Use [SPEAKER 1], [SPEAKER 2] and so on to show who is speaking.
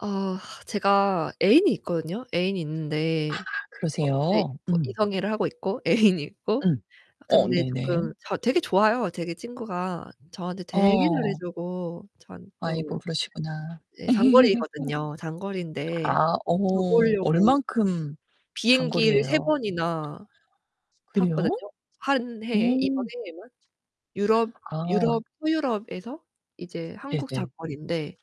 [SPEAKER 1] 아 제가 애인이 있거든요? 애인이 있는데
[SPEAKER 2] 아
[SPEAKER 1] 어 예
[SPEAKER 2] 그러세요?
[SPEAKER 1] 뭐
[SPEAKER 2] 음.
[SPEAKER 1] 이성애를 하고 있고 애인이 있고
[SPEAKER 2] 음. 어
[SPEAKER 1] 근데
[SPEAKER 2] 네네.
[SPEAKER 1] 쪼끔 자 되게 좋아요. 되게 친구가 저한테 되게 잘해
[SPEAKER 2] 어.
[SPEAKER 1] 주고 저한테
[SPEAKER 2] 아이고
[SPEAKER 1] 또
[SPEAKER 2] 그러시구나.
[SPEAKER 1] 네 장거리거든요. 장거리인데
[SPEAKER 2] 아.
[SPEAKER 1] 저
[SPEAKER 2] 어머.
[SPEAKER 1] 보려고
[SPEAKER 2] 얼만큼
[SPEAKER 1] 비행기를
[SPEAKER 2] 장거리예요?
[SPEAKER 1] 3번이나 탔거든요.
[SPEAKER 2] 그래요?
[SPEAKER 1] 1 해에 이번
[SPEAKER 2] 음.
[SPEAKER 1] 해에만. 유럽
[SPEAKER 2] 아.
[SPEAKER 1] 유럽 서유럽에서 이제 한국
[SPEAKER 2] 네네.
[SPEAKER 1] 장거리인데.